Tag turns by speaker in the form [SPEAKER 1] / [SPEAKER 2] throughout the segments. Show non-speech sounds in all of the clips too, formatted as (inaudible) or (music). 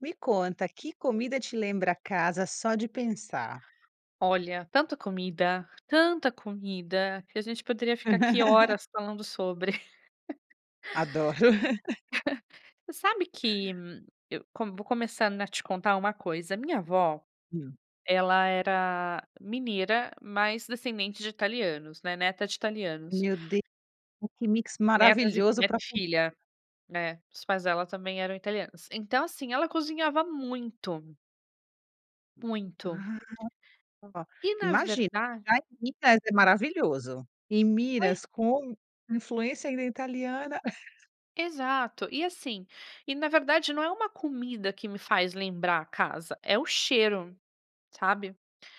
[SPEAKER 1] Me conta, que comida te lembra casa só de pensar?
[SPEAKER 2] Olha, tanta comida, tanta comida, que a gente poderia ficar aqui
[SPEAKER 1] (laughs)
[SPEAKER 2] horas falando sobre. (laughs)
[SPEAKER 1] Adoro. (laughs)
[SPEAKER 2] (chuckles) Você sabe que, eu com vou começando a te contar uma coisa, a minha avó,
[SPEAKER 1] Hum.
[SPEAKER 2] ela era mineira, mas descendente de italianos, né, neta de italianos.
[SPEAKER 1] Meu De que mix
[SPEAKER 2] Netas e
[SPEAKER 1] maravilhoso
[SPEAKER 2] neta
[SPEAKER 1] pra
[SPEAKER 2] e
[SPEAKER 1] comi
[SPEAKER 2] filha. É, os pais dela também eram italianos. Então assim, ela cozinhava muito. Muito.
[SPEAKER 1] Ah. Ó,
[SPEAKER 2] E na
[SPEAKER 1] imagina,
[SPEAKER 2] verda
[SPEAKER 1] já em Minas é maravilhoso, em
[SPEAKER 2] Oi?
[SPEAKER 1] Minas com influência, ainda, italiana. (chuckles)
[SPEAKER 2] Exato. E assim, e na verdade não é uma comida que me faz lembrar a casa, é o cheiro, sabe.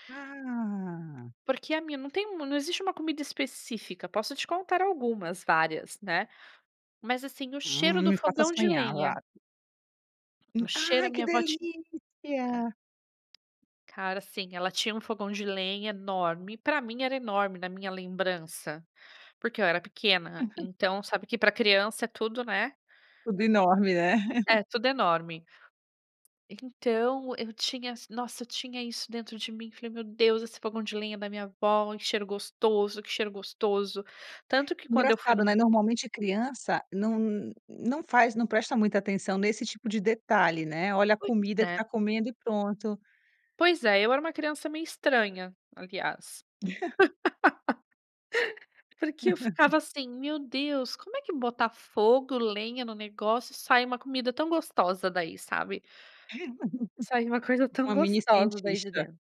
[SPEAKER 1] Ah.
[SPEAKER 2] Porque a minha não tem u não existe uma comida específica, posso te contar algumas várias, né. Mas assim, o cheiro
[SPEAKER 1] Hum,
[SPEAKER 2] do
[SPEAKER 1] me faça
[SPEAKER 2] fogão de
[SPEAKER 1] sonha, vá
[SPEAKER 2] lenha. O cheiro, a
[SPEAKER 1] Ai, que
[SPEAKER 2] minha vó tin
[SPEAKER 1] delícia.
[SPEAKER 2] Cara, assim, ela tinha um fogão de lenha enorme, pra mim era enorme, na minha lembrança, porque eu era pequena,
[SPEAKER 1] (laughs)
[SPEAKER 2] então, sabe que pra criança é tudo, né.
[SPEAKER 1] Tudo enorme, né. (chuckles)
[SPEAKER 2] É tudo enorme. Então eu tinha s nossa, eu tinha isso dentro de mim, falei: "Meu Deus, esse fogão de lenha da minha avó, e cheiro gostoso, que cheiro gostoso". Tanto que quando eu fui
[SPEAKER 1] Engraçado,
[SPEAKER 2] num
[SPEAKER 1] né, normalmente criança não n não faz não presta muita atenção nesse tipo de detalhe, né, olha a
[SPEAKER 2] Pois
[SPEAKER 1] comida que
[SPEAKER 2] é.
[SPEAKER 1] tá comendo, e pronto
[SPEAKER 2] Pois é, eu era uma criança meio estranha, aliás.
[SPEAKER 1] (laughs)
[SPEAKER 2] (laughs) Porque eu ficava
[SPEAKER 1] (laughs)
[SPEAKER 2] assim: "Meu Deus, como é que botar fogo, lenha no negócio, sai uma comida tão gostosa daí", sabe. Sai uma coisa
[SPEAKER 1] (laughs)
[SPEAKER 2] tão
[SPEAKER 1] Uma mini
[SPEAKER 2] gostosa daí de
[SPEAKER 1] cientista.
[SPEAKER 2] dentro.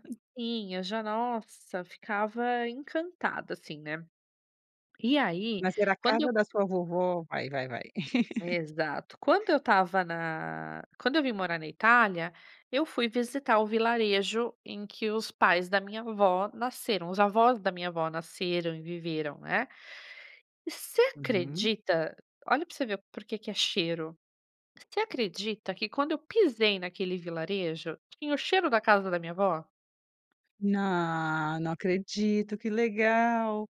[SPEAKER 1] (laughs)
[SPEAKER 2] Sim, eu já, nossa, ficava encantada, assim, né. E aí,
[SPEAKER 1] Mas era a
[SPEAKER 2] quando
[SPEAKER 1] casa
[SPEAKER 2] eu
[SPEAKER 1] da sua vovó, vai, vai, vai. (laughs)
[SPEAKER 2] Exato. Quando eu estava na quando eu vim morar na Itália, eu fui visitar o vilarejo em que os pais da minha avó nasceram, os avós da minha avó nasceram e viveram, né. Você
[SPEAKER 1] Uhum.
[SPEAKER 2] acredita, olha pra você ver porquê que é cheiro, você acredita que quando eu pisei naquele vilarejo, tinha o cheiro da casa da minha avó?
[SPEAKER 1] Nã não acredito, que legal.